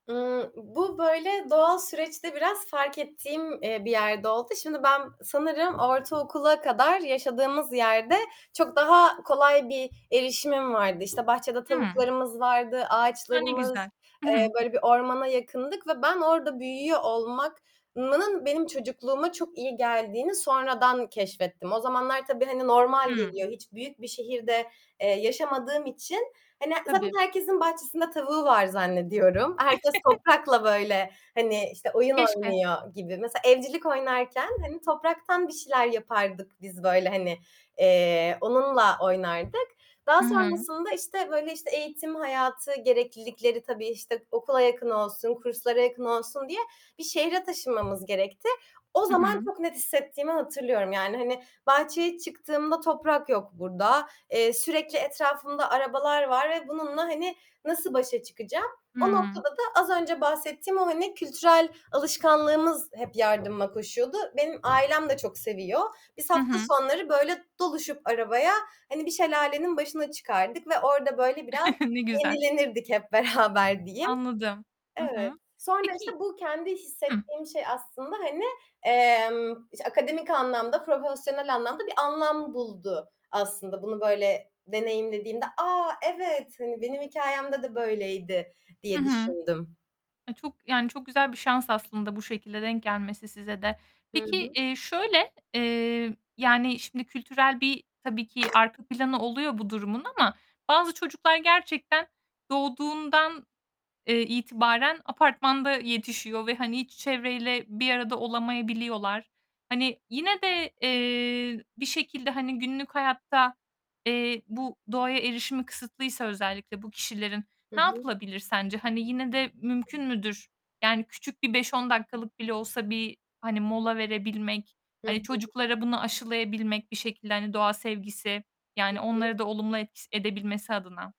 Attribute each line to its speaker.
Speaker 1: Iıı, bu, böyle, doğal süreçte biraz fark ettiğim, eee, bir yerde oldu. Şimdi, ben sanırım ortaokula kadar yaşadığımız yerde çok daha kolay bir erişimim vardı. İşte, bahçede
Speaker 2: Imm.
Speaker 1: tavuklarımız vardı,
Speaker 2: A, ne
Speaker 1: ağaçlarımız,
Speaker 2: güzel!
Speaker 1: eee, böyle bir ormana yakındık ve ben orda büyüyor olmak nının benim çocukluğuma çok iyi geldiğini sonradan keşfettim. O zamanlar tabii, hani, normal
Speaker 2: Hımm.
Speaker 1: geliyor hiç büyük bir şehirde, eee, yaşamadığım için. Hani, zaten
Speaker 2: Tabii.
Speaker 1: herkesin bahçesinde tavuğu var zannediyorum. Herkes toprakla böyle, hani, işte, oyun
Speaker 2: Keşke.
Speaker 1: oynuyor gibi. Mesela evcilik oynarken, hani, topraktan bir şeyler yapardık biz böyle, hani, eee, onunla oynardık. Daha
Speaker 2: Hı hı.
Speaker 1: sonrasında işte, böyle, işte, eğitim hayatı gereklilikleri tabii, işte, okula yakın olsun, kurslara yakın olsun diye bir şehre taşınmamız gerekti. O
Speaker 2: Hı
Speaker 1: zaman
Speaker 2: hı.
Speaker 1: çok net hissettiğimi hatırlıyorum yani, hani, bahçeye çıktığımda toprak yok burda. Eee, sürekli etrafımda arabalar var ve bununla, hani, nasıl başa çıkacağım? O
Speaker 2: Hımm.
Speaker 1: noktada da az önce bahsettiğim o, hani, kültürel alışkanlığımız hep yardıma koşuyordu. Benim ailem de çok seviyor. Biz
Speaker 2: Hı
Speaker 1: hafta
Speaker 2: hı.
Speaker 1: sonları böyle doluşup arabaya, hani, bir şelalenin başına çıkardık ve orada böyle biraz
Speaker 2: Ne güzel.
Speaker 1: yenilenirdik hep beraber diyeyim.
Speaker 2: Anladım. Hı
Speaker 1: Evet.
Speaker 2: hı.
Speaker 1: Sonra,
Speaker 2: Peki
Speaker 1: işte, bu kendi
Speaker 2: Hıh.
Speaker 1: hissettiğim şey aslında hani, emm, işte, akademik anlamda, profesyonel anlamda bir anlam buldu aslında bunu böyle deneyimlediğimde. "A, evet, hani, benim hikâyemde de böyleydi" diye
Speaker 2: Hı hı.
Speaker 1: düşündüm.
Speaker 2: Ay, çok, yani, çok güzel bir şans aslında bu şekilde denk gelmesi size de.
Speaker 1: Hı
Speaker 2: Peki,
Speaker 1: hı.
Speaker 2: eee, şöyle, eee, yani, şimdi kültürel bir tabii ki arka planı oluyor bu durumun ama bazı çocuklar gerçekten doğduğundan, eee, itibaren apartmanda yetişiyor ve hani hiç çevreyle bir arada olamayabiliyorlar. Hani, yine de, eee, bir şekilde, hani, günlük hayatta, eee, bu doğaya erişimi kısıtlıysa özellikle bu kişilerin,
Speaker 1: Hı
Speaker 2: ne
Speaker 1: hı.
Speaker 2: yapılabilir sence? Hani, yine de mümkün müdür? Yani, küçük bir 5-10 dakikalık bile olsa bir, hani, mola verebilmek,
Speaker 1: Hı hı.
Speaker 2: hani, çocuklara bunu aşılayabilmek, bir şekilde, hani, doğa sevgisi,
Speaker 1: Hı
Speaker 2: yani,
Speaker 1: hı.
Speaker 2: onları da olumlu et s edebilmesi adına.